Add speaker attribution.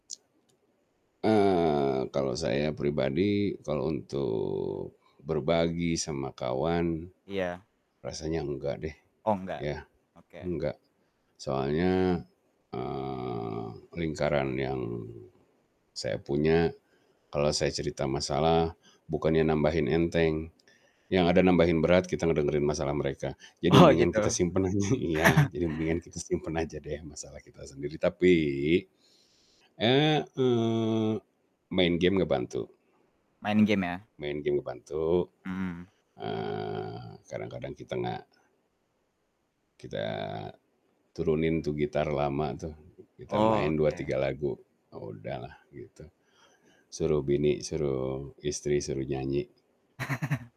Speaker 1: Eee, kalau saya pribadi, kalau untuk berbagi sama kawan
Speaker 2: Iya.
Speaker 1: rasanya enggak deh.
Speaker 2: Oh enggak.
Speaker 1: Ya.
Speaker 2: Oke.
Speaker 1: Enggak. Soalnya, eee, lingkaran yang saya punya, kalau saya cerita masalah, bukannya nambahin enteng, yang ada nambahin berat kita ngedengerin masalah mereka, jadi
Speaker 2: Oh
Speaker 1: mendingan kita
Speaker 2: gitu.
Speaker 1: simpen aja. Iya, jadi mendingan kita simpen aja deh masalah kita sendiri, tapi, eee, mmm, main game ngebantu.
Speaker 2: Main game ya.
Speaker 1: Main game ngebantu,
Speaker 2: Mmm.
Speaker 1: eee, kadang-kadang kita gak kita turunin tuh gitar lama tuh, kita
Speaker 2: Oh
Speaker 1: main 2, 3
Speaker 2: oke.
Speaker 1: lagu, udah lah gitu. Suruh bini, suruh istri suruh nyanyi.